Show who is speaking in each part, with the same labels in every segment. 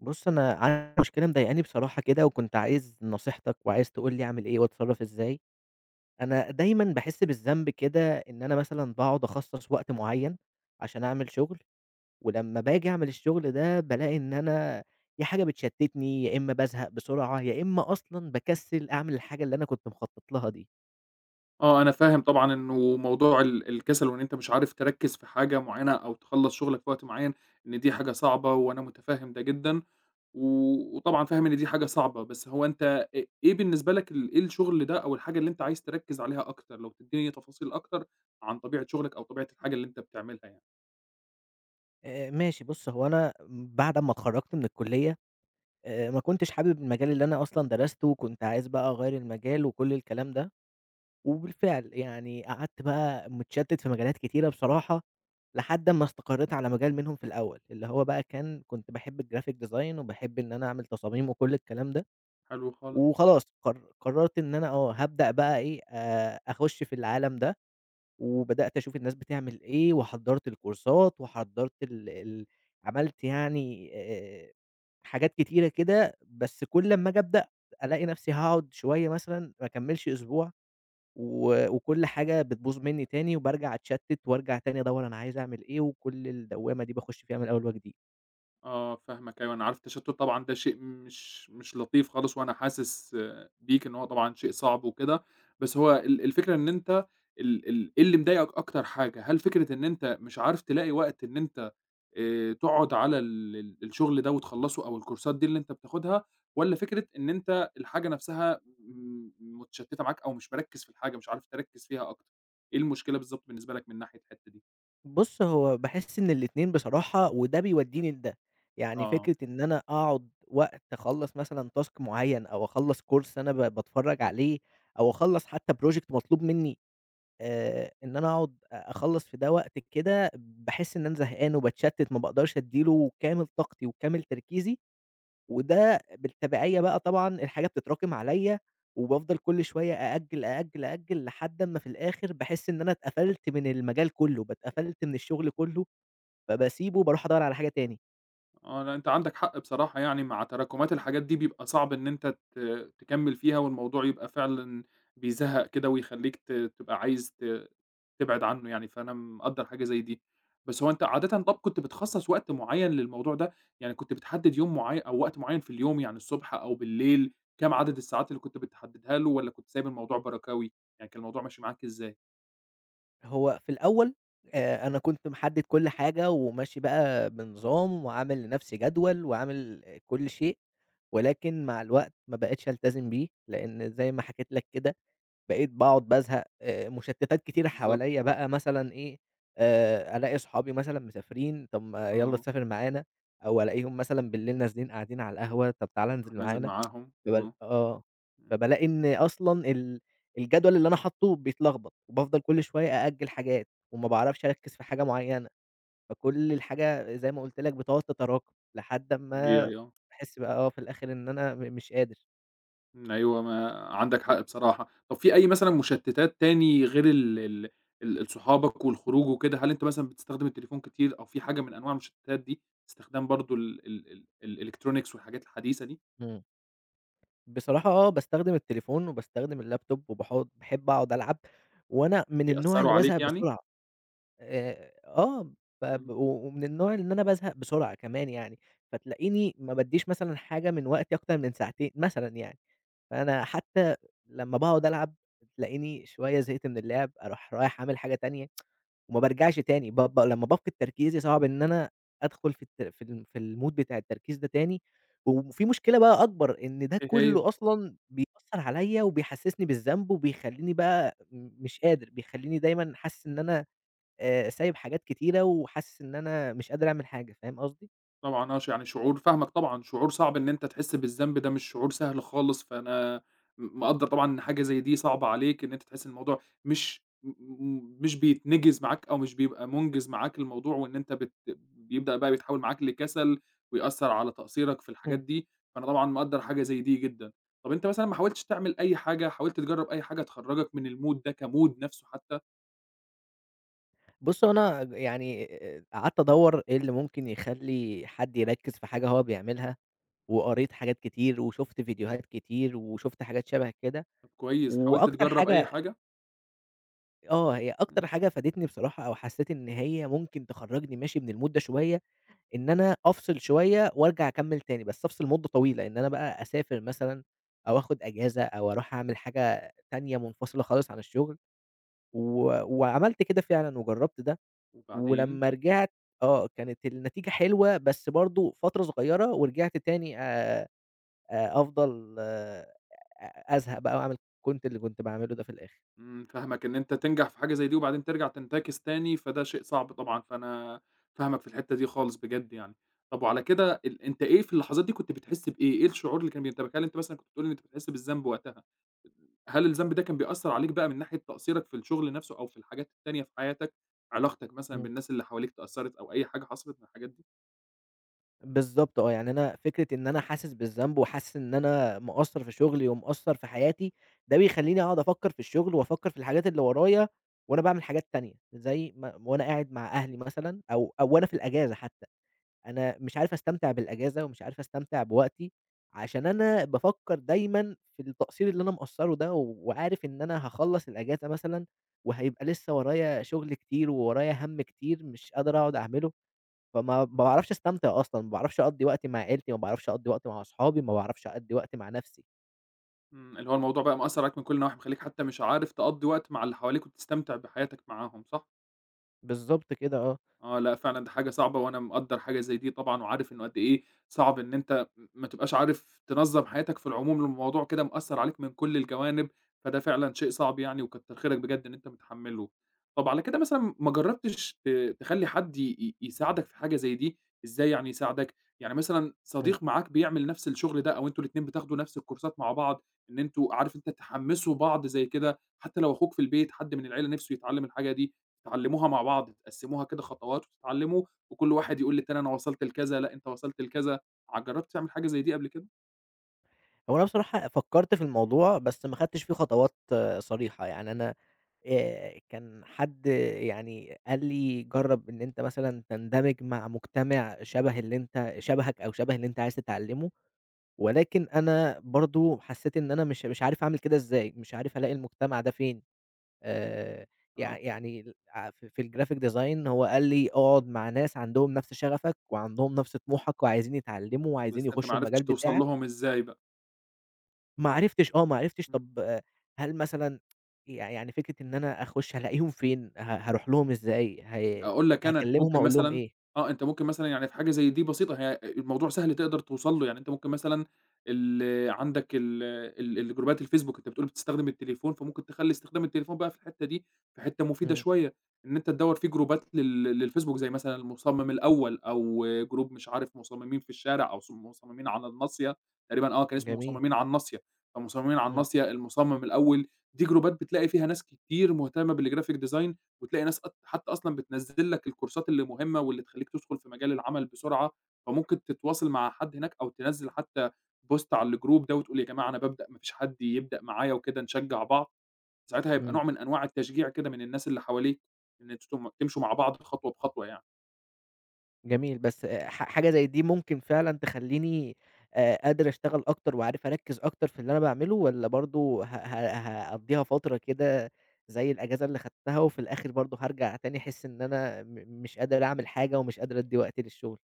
Speaker 1: بُص، أنا عندي مشكلة مضايقاني بصراحة كده، وكنت عايز نصيحتك وعايز تقول لي أعمل إيه، وأتصرف إزاي. أنا دايمًا باحس بالذنب كده إن أنا مثلًا باقعد أخصص وقت معين، عشان أعمل شغل، ولمّا باجي أعمل الشغل ده، بالاقي إن أنا يا حاجة بتشتتني، يا إما بازهق بسرعة، يا إما أصلًا باكسّل أعمل الحاجة اللي أنا كنت مخطط لها دي.
Speaker 2: آه، أنا فاهم طبعًا إنه موضوع ال الكسل وإن أنت مش عارف تركّز في حاجة معينة أو تخلّص شغلك في وقت معين، إن دي حاجة صعبة وأنا متفَهِّم ده جدًا. و وطبعًا فاهم إن دي حاجة صعبة، بس هو أنت أ إيه بالنسبة لك ال إيه الشغل ده أو الحاجة اللي أنت عايز تركّز عليها أكتر؟ لو تدّيني تفاصيل أكتر عن طبيعة شغلك أو طبيعة الحاجة اللي أنت بتعملها يعني.
Speaker 1: آآ، ماشي بُص هو أنا بعد أمّا اتخرّجت من الكُلّيّة، آآ ما كنتش حابب المجال اللي أنا أصلًا درسته وكنت عايز بقى أغيّر المجال وكل الكلام ده. وبالفعل يعني قعدت بقى متشتت في مجالات كتيرة بصراحة لحد أمّا استقريت على مجال منهم في الأول، اللي هو بقى كان، كنت باحب الgraphic design وباحب إن أنا أعمل تصاميم، وكل الكلام ده.
Speaker 2: حلو خالص. آه.
Speaker 1: وخلاص قر قررت إن أنا آه هابدأ بقى إيه، آآ أخُش في العالَم ده. وبدأت أشوف الناس بتعمل إيه، وحضّرت الكورسات وحضّرت ال ال عملت يعني آآ حاجات كتيرة كده، بس كل أمّا آجي أبدأ ألاقي نفسي هاقعد شويّة مثلًا ما أكمّلش أسبوع، و وكل حاجة بتبوظ مني تاني، وبارجع اتشتت، وارجع تاني أدوّر أنا عايز أعمل إيه، وكل الدوّامة دي باخش فيها من أول وجديد.
Speaker 2: آه، فاهمك أيوه، أنا عارف التشتُّت طبعًا ده شيء مش مش لطيف خالص، وأنا حاسس آآ، بيك إن هو طبعًا شيء صعب وكده، بس هو ال الفكرة إن أنت ال ال إيه اللي مضايقك أكتر حاجة؟ هل فكرة إن أنت مش عارف تلاقي وقت إن أنت آآ، تقعد على ال ال الشغل ده وتخلّصه؟ أو الكورسات دي اللي أنت بتاخدها، والَّا فكرة إن أنت الحاجة نفسها م متشتِّتة معاك أو مش مركِّز في الحاجة، مش عارف تركِّز فيها أكتر؟ إيه المشكلة بالضبط بالنسبة لَك من ناحية الحتة دي؟
Speaker 1: بُصّ، هو باحس إن الاتنين بصراحة وده بيوديني لده. يعني
Speaker 2: آه.
Speaker 1: فكرة إن أنا أقعد وقت أخلّص مثلًا task معيّن أو أخلّص course أنا ب باتفرّج عليه أو أخلّص حتى project مطلوب مني، آآ، إن أنا أقعد أ أخلّص في ده وقت كده، باحس إن أنا زهقان وباتشتِّت ما باقدرش أدّي له كامل طاقتي وكامل تركيزي، وده بالتبعية بقى طبعًا الحاجة بتتراكم عليَّ، وبافضل كُلّ شوية أأجّل، أأجّل، أأجّل لحد أمّا في الآخر، باحس إن أنا اتقفلت من المجال كُلّه، ب اتقفلت من الشغل كُلّه، فباسيبه وبارُوح أدوّر على حاجة تاني.
Speaker 2: آه، لأ، أنت عندك حق بصراحة يعني مع تراكمات الحاجات دي بيبقى صعب إن أنت ت تكمّل فيها، والموضوع يبقى فعلًا بيزهّق كده، ويخليك ت تبقى عايز ت تبعد عنه يعني، فأنا مقدّر حاجة زي دي، بس هو أنت عادةً طَب كنت بتخصَّص وقت معيّن للموضوع ده؟ يعني كنت بتحدِّد يوم معيّن أو وقت معيّن في اليوم، يعني الصبح أو بالليل، كام عدد الساعات اللي كنت بتحدّدها له، والّا كنت سايب الموضوع بركَاوي؟ يعني كان الموضوع ماشي معاك إزاي؟
Speaker 1: هو في الأول، آآ، أنا كنت محدِّد كُلّ حاجة، وماشي بقى بنظام وعامل لنفسي جدول، وعامل كُلّ شيء، ولكن مع الوقت ما بقِتش ألتزم بيه، لإن زي ما حكيت لك كده بقيت باقعد بازهق، آآ، مشتِّتات كتيرة
Speaker 2: بالضبط.
Speaker 1: حواليّا بقى مثلًا إيه، آآ، ألاقي صحابي مثلًا مسافرين طَب ما يلّا
Speaker 2: آه.
Speaker 1: تسافر معانا، أو ألاقيهم مثلًا بالليل نازلين قاعدين على القهوة، طَب تعالَ
Speaker 2: بترُوح
Speaker 1: انزل
Speaker 2: نازل
Speaker 1: معانا
Speaker 2: معاهم،
Speaker 1: باب
Speaker 2: آه.
Speaker 1: آه،
Speaker 2: امم.
Speaker 1: فبالاقي إن أصلًا ال الجدول اللي أنا حاطّه بيتلخبط، وبافضل كُلّ شوية أأجِّل حاجات وما باعرفش أركِّز في حاجة معيّنة، فكُلّ الحاجة زي ما قلت لَك بتقعد تتراكم، لحد أمّا
Speaker 2: طبيعي آه.
Speaker 1: باحِس بقى آه في الآخر إن أنا م مش قادر.
Speaker 2: امم، أيوة ما عندك حق بصراحة، طَب فيه أي مثلًا مشتِّتات تاني غير ال ال ال صحابك والخروج وكده؟ هل أنت مثلًا بتستخدم التليفون كتير أو في حاجة من أنواع المشتِّتات دي؟ استخدام برضه ال ال ال الelectronics والحاجات الحديثة دي؟
Speaker 1: امم. بصراحة آه، باستخدم التليفون وباستخدم ال laptop وباحُطّ باحب أقعد ألعب، وأنا من النوع
Speaker 2: بيأثّروا
Speaker 1: اللي
Speaker 2: عليك
Speaker 1: بازهق
Speaker 2: يعني؟
Speaker 1: بسرعة، آآ، آه،
Speaker 2: إمم.
Speaker 1: بب و ومن النوع إن أنا بازهق بسرعة كمان يعني. فتلاقيني ما بادّيش مثلًا حاجة من وقتي أكتر من ساعتين، مثلًا يعني. فأنا حتى لمّا باقعد ألعب تلاقيني شوية زهقت من اللعب، أرُوح رايح عامل حاجة تانية، وما بارجعش تاني. ب ب لمّا بافقد تركيزي صعب إن أنا أدخل في الت في ال في الmood بتاع التركيز ده تاني. وفي مشكلة بقى أكبر، إن ده
Speaker 2: إيه هي؟
Speaker 1: كُلّه أصلًا بيأثّر عليَّ وبيحسِّسني بالذنب، وبيخلّيني بقى مش قادر، بيخلّيني دايمًا حاسس إن أنا، آآ، سايب حاجات كتيرة وحاسس إن أنا مش قادر أعمل حاجة، فاهم قصدي؟
Speaker 2: طبعًا آه، ش يعني شعور فاهمك طبعًا، شعور صعب إن أنت تحس بالذنب ده مش شعور سهل خالص، فأنا م مقدّر طبعًا إن حاجة زي دي صعبة عليك، إن أنت تحس إن الموضوع مش م م مش بيتنِجِز معاك أو مش بيبقى مُنجِز معاك الموضوع، وإن أنت بت بيبدأ بقى بيتحوّل معاك لكَسَل ويأثّر على تقصيرك في الحاجات
Speaker 1: امم.
Speaker 2: دي، فأنا طبعًا مقدّر حاجة زي دي جدًا، طَب أنت مثلًا ما حاولتش تعمل أي حاجة، حاولت تجرّب أي حاجة تخرّجك من الmood ده كmood نفسُه حتى؟
Speaker 1: بُص هو أنا يعني، آآ، قعدت أدوّر إيه اللي ممكن يخلّي حد يركّز في حاجة هو بيعملها، وقريت حاجات كتير، وشُفت فيديوهات كتير، وشُفت حاجات شبه كده.
Speaker 2: كويس، حاولت
Speaker 1: وأكتر
Speaker 2: تجرب أي
Speaker 1: حاجة
Speaker 2: حاجة؟
Speaker 1: آه، هي أكتر
Speaker 2: امم.
Speaker 1: حاجة فادتني بصراحة، أو حسيت إن هي ممكن تخرّجني ماشي من الmood ده شوية، إن أنا أفصل شوية وارجع أكمّل تاني، بس أفصل مدة طويلة، إن أنا بقى أسافر مثلًا، أو آخد أجازة، أو أروح أعمل حاجة تانية منفصلة خالص عن الشغل. و وعملت كده فعلًا، وجرّبت ده،
Speaker 2: وبعدين؟
Speaker 1: ولمّا رجعت آه كانت النتيجة حلوة، بس برضو فترة صغيرة، ورجعت تاني، آآ، آآ، أفضل، آآ، أ أزهق بقى، وأعمل كنت اللي كنت باعمله ده في الآخر.
Speaker 2: امم، فاهمك إن أنت تنجح في حاجة زي دي وبعدين ترجع تنتكِس تاني، فده شيء صعب طبعًا، فأنا فاهمك في الحتة دي خالص بجد يعني. طب وعلى كده ال أنت إيه في اللحظات دي كنت بتحس بإيه؟ إيه الشعور اللي كان بينتابك؟ هل أنتَ مثلًا كنت بتقول إن أنت بتحس بالذنب وقتها، هل الذنب ده كان بيأثّر عليك بقى من ناحية تقصيرك في الشغل نفسه، أو في الحاجات التانية في حياتك؟ علاقتك مثلًا
Speaker 1: امم.
Speaker 2: بالناس اللي حواليك اتأثرت، أو أي حاجة حصلت من الحاجات دي؟
Speaker 1: بالضبط آه، يعني أنا فكرة إن أنا حاسس بالذنب، وحاسس إن أنا مقصَّر في شغلي ومقصَّر في حياتي، ده بيخلّيني أقعد أفكّر في الشغل وأفكّر في الحاجات اللي ورايا، وأنا باعمل حاجات تانية، زي م وأنا قاعد مع أهلي مثلًا أو أو وأنا في الأجازة حتى، أنا مش عارف أستمتع بالأجازة، ومش عارف أستمتع بوقتي، عشان أنا بافكّر دايمًا في التقصير اللي أنا مقصّرُه ده وعارف إن أنا هاخلّص الأجازة مثلًا، وهيبقى لسه ورايا شغل كتير، وورايا هَمّ كتير مش قادر أقعد أعمله، فما ما باعرفش أستمتع أصلًا، ما باعرفش أقضّي وقت مع عيلتي، ما باعرفش أقضّي وقت مع أصحابي، ما باعرفش أقضّي وقت مع نَفْسي.
Speaker 2: إمم، اللي هو الموضوع بقى مأثّر عليك من كُلّ النواحي مخليك حتى مش عارف تقضّي وقت مع اللي حواليك، وتستمتع بحياتك معاهم، صح؟
Speaker 1: بالضبط كده، آه.
Speaker 2: آه، لأ، فعلًا دي حاجة صعبة، وأنا مقدّر حاجة زي دي طبعًا، وعارف إنه قد إيه صعب إن أنت م ما تبقاش عارف تنظّم حياتك في العموم، الموضوع كده مأثّر عليك من كُلّ الجوانب، فده فعلًا شيء صعب يعني، وكتّر خيرك بجد إن أنت متحمّلُه، طَب على كده مثلًا ما جرّبتش ت تخلّي حد ي-ي يساعدك في حاجة زي دي؟ إزاي يعني يساعدك، يعني مثلًا
Speaker 1: إمم.
Speaker 2: صديق معاك بيعمل نَفْس الشغل ده، أو أنتم الاتنين بتاخدوا نَفْس الكورسات مع بعض إن أنتم عارف أنت تحمِّسوا بعض زي كده، حتى لو أخوك في البيت، حد من العِيلة نِفسه يتعلِّم الحاجة دي، تتعلّموها مع بعض، تقسّموها كده خطوات وتتعلّموا، وكُلّ واحد يقول للتاني أنا وصَلت لكذا، لأ أنت وصَلت لكذا، ع جرّبت تعمل حاجة زي دي قبل كده؟
Speaker 1: هو أنا بصراحة فكّرت في الموضوع، بس ما اخدتش فيه خطوات صريحة يعني أنا، آآ، كان حد يعني قال لي جرّب إن أنت مثلًا تندمج مع مجتمع شبه اللي أنت شبهك أو شبه اللي أنت عايز تتعلمه ولكن أنا برضه حسّيت إن أنا مش مش عارف أعمل كده ازاي، مش عارف ألاقي المجتمع ده فين، آآ، يع
Speaker 2: آه.
Speaker 1: يعني ال عف في الGraphic Design هو قال لي اقعد مع ناس عندهم نفْس شغفَك، وعندهم نفْس طموحَك، وعايزين يتعلموا، وعايزين
Speaker 2: بس أنت ما
Speaker 1: يخشوا المجال
Speaker 2: عرفتش توصل
Speaker 1: بتاعَك.
Speaker 2: لهم إزاي بقى.
Speaker 1: ما عرفتش، آه، ما عرفتش
Speaker 2: إمم.
Speaker 1: طَب هل مثلًا، يع يعني فكرة إن أنا أخش هالاقيهم فين؟ ه هاروح لهم ازاي؟ هي
Speaker 2: أقول لك أنا، أنت
Speaker 1: هاكلمهم
Speaker 2: ممكن
Speaker 1: أقول لهم
Speaker 2: مثلًا
Speaker 1: إيه؟
Speaker 2: آه، أنت ممكن مثلًا يعني في حاجة زي دي بسيطة، هي، آآ، الموضوع سهل تقدر توصل له، يعني أنت ممكن مثلًا ال عندَك ال الجروبات الFacebook، أنت بتقول بتستخدم التليفون، فممكن تخلّي استخدام التليفون بقى في الحتّة دي في حتّة مفيدة
Speaker 1: إمم.
Speaker 2: شوية، إن أنت تدوّر في جروبات لل للFacebook زي مثلًا المُصمم الأول، أو Group مش عارف مصممين في الشارع، أو مص مصممين على الناصية، تقريبًا، آه، كان اسمه
Speaker 1: جميل.
Speaker 2: مصممين على الناصية، فمصممين على
Speaker 1: إمم.
Speaker 2: الناصية، المصمم الأول، دي جروبات بتلاقي فيها ناس كتير مهتمّة بالGraphic Design وتلاقي ناس ق حتّى أصلًا بتنزل لك الكورسات اللي مهمّة، واللي تخلّيك تدخل في مجال العمل بسرعة، فممكن تتواصل مع حد هناك، أو تنزّل حتى Post على الGroup ده وتقول، يا جماعة أنا بابدأ، ما فيش حد يبدأ معايا وكده، نشجع بعض، ساعتها هيبقى
Speaker 1: إمم.
Speaker 2: نوع من أنواع التشجيع كده من الناس اللي حواليك، إن أنتم تم تمشوا مع بعض خطوة بخطوة يعني.
Speaker 1: جميل، بس ح حاجة زَي دي ممكن فعلًا تخلّيني آآ قادر أشتغل أكتر، وعارف أركّز أكتر في اللي أنا باعمله؟ والّا برضه ه ه هاقضّيها فترة كده زَي الأجازة اللي خدتها وفي الآخر برضه هارجَع تاني أحس إن أنا م مش قادر أعمل حاجة، ومش قادر ادّي وقت للشغل؟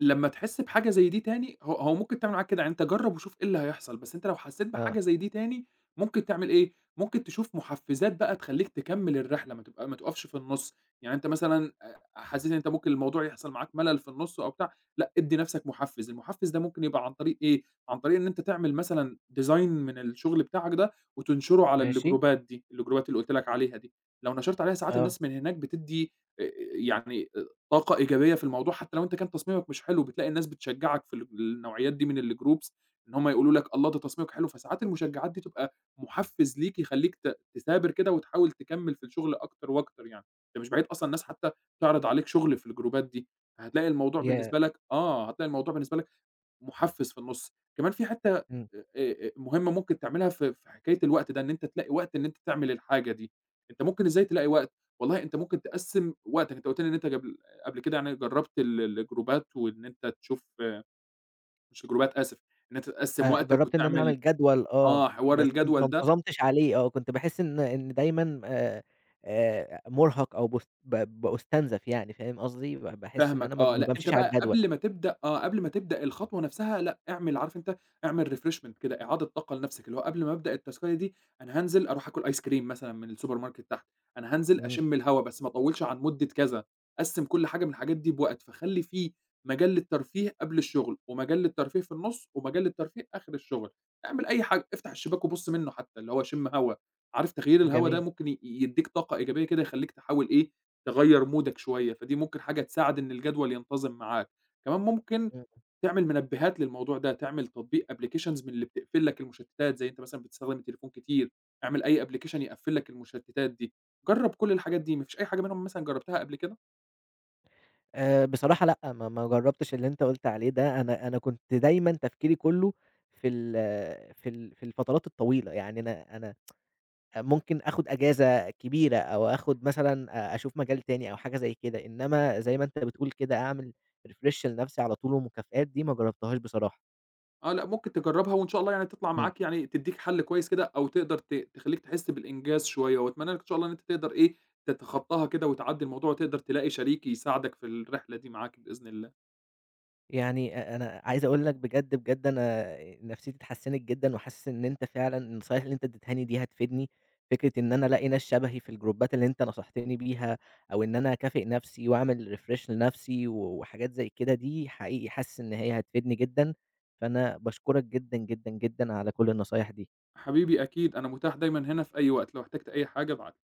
Speaker 2: لمّا تحس بحاجة زَي دي تاني هو هو ممكن تعمل معاك كده، يعني أنت جرب وشوف إيه اللي هيحصَل، بس أنت لو حسيت
Speaker 1: آه.
Speaker 2: بحاجة زَي دي تاني، ممكن تعمل إيه، ممكن تشوف محفزات بقى تخلّيك تكمّل الرحلة، ما تبق ما تقفش في النص. يعني أنت مثلًا أ حاسس إن أنت ممكن الموضوع يحصَل معاك ملل في النص أو بتاع لأ ادّي نَفْسك محفز، المحفز ده ممكن يبقى عن طريق إيه، عن طريق إن أنت تعمل مثلًا design من الشغل بتاعك ده، وتنشره على
Speaker 1: ماشي.
Speaker 2: الجروبات دي، الجروبات اللي قُلت لك عليها دي. لو نشَرت عليها، ساعات
Speaker 1: آه.
Speaker 2: الناس من هناك بتدّي آآ يعني أ طاقة إيجابية في الموضوع، حتى لو أنت كان تصميمك مش حلو، بتلاقي الناس بتشجعك في الج النوعيات دي من الgroups، إن هُم يقولوا لك الله! ده تصميمك حلو. فساعات المشجعات دي تبقى محفز ليك، يخلّيك ت تثابر كده، وتحاول تكمّل في الشغل أكتر وأكتر يعني، ده مش بعيد أصلًا الناس حتى تعرِض عليك شغل في الجروبات دي، فهتلاقي الموضوع
Speaker 1: ياه!
Speaker 2: بالنسبة لك آه، هتلاقي الموضوع بالنسبة لك محفز في النص. كمان فيه حتّة آآ
Speaker 1: اهم.
Speaker 2: آآ مهمة ممكن تعملها في في حكاية الوقت ده، إن أنت تلاقي وقت إن أنت تعمل الحاجة دي، أنت ممكن إزاي تلاقي وقت، والله أنت ممكن تقسّم وقتك، أنت قُلت لي إن أنت جبل قبل كده يعني جربت ال الجروبات وإن أنت تشوف مش الجروبات آسف، إن أنت تقسّم
Speaker 1: آآ،
Speaker 2: وقتك
Speaker 1: جربت إن أنا
Speaker 2: وتعمل
Speaker 1: أعمل جدول آه،
Speaker 2: آه، حوار
Speaker 1: بس ما
Speaker 2: الجدول ده.
Speaker 1: انتظمتش عليه آه، كنت باحس إن إن دايمًا آآ آآ مرهق أو باست ب بأُستنزف يعني، فاهم قصدي؟ ب باحس إن أنا
Speaker 2: فاهمك
Speaker 1: ما
Speaker 2: آه،
Speaker 1: ما
Speaker 2: لأ أنت
Speaker 1: بامشيش على
Speaker 2: بقى
Speaker 1: الجدول.
Speaker 2: قبل ما تبدأ آه، قبل ما تبدأ الخطوة نَفْسها لأ، اعمل عارف أنت؟ اعمل refreshment كده، إعادة طاقة لنَفْسك اللي هو قبل ما أبدأ التاسكاية دي، أنا هانزِل أرُوح أكُل أيس كِريم مثلًا من الsupermarket تحت، أنا هانزِل
Speaker 1: إمم.
Speaker 2: أشم الهوا، بس ما أطوّلش عن مدة كذا. قسّم كُلّ حاجة من الحاجات دي بوقت، فخلّي فيه مجال للترفيه قبل الشغل، ومجال للترفيه في النص، ومجال للترفيه آخر الشغل، اعمل أي حاجة افتح الشباك وبُص منه حتى اللي هو شِم هوا، عارف تغيير الهوا ده
Speaker 1: جميل.
Speaker 2: ممكن ي يدّيك طاقة إيجابية كده، يخلّيك تحاول إيه تغيّر مُودك شوية، فدي ممكن حاجة تساعد إن الجدول ينتظم معاك. كمان ممكن
Speaker 1: إمم.
Speaker 2: تعمل مِنبهات للموضوع ده، تعمل تطبيق applications من اللي بتقفل لك المشتتات، زَي أنت مثلًا بتستخدم التليفون كتير، اعمل أي application يقفل لك المشتتات دي. جرب كُلّ الحاجات دي، ما فيش أي حاجة منهم مثلًا جربتها قبل كده؟
Speaker 1: آآ بصراحة لأ ما ما جربتش اللي أنت قُلت عليه ده. أنا أنا كنت دايمًا تفكيري كُلّه في ال في ال في الفترات الطويلة. يعني أنا أنا ممكن آخد أجازة كبيرة، أو آخد مثلًا أ أشوف مجال تاني أو حاجة زَي كده. إنما زَي ما أنت بتقول كده، أعمل refresh لنَفْسي على طُول ومكافآت، دي ما جربتهاش بصراحة.
Speaker 2: آه، لأ ممكن تجربها، وإن شاء الله يعني تطلَع
Speaker 1: إمم.
Speaker 2: معاك يعني تدّيك حَلّ كويس كده، أو تقدَر ت تخلّيك تحس بالإنجاز شوية، وأتمنى لك إن شاء الله إن أنت تقدَر إيه تتخطاها كده، وتعدّي الموضوع، وتقدَر تلاقي شريك يساعدك في الرحلة دي معاك بإذن الله.
Speaker 1: يعني أ أنا عايز أقول لك بجد، بجد أنا نفسيتي اتحسنت جدًا، وحاسس إن أنت فعلًا النصايح اللي أنت ادّيتهاني دي هتفيدني. فكرة إن أنا ألاقي ناس شبهي في الجروبات اللي أنت نصحتني بيها، أو إن أنا أكافئ نَفْسي، وأعمل refresh لنَفْسي، و وحاجات زَي كده دي حقيقي حاسس إن هي هتفيدني جدًا. فأنا باشكرك جدًا، جدًا، جدًا على كُلّ النصايح دي.
Speaker 2: حبيبي، أكيد أنا متاح دايمًا هنا في أي وقت، لو احتجت أي حاجة ابعت لي.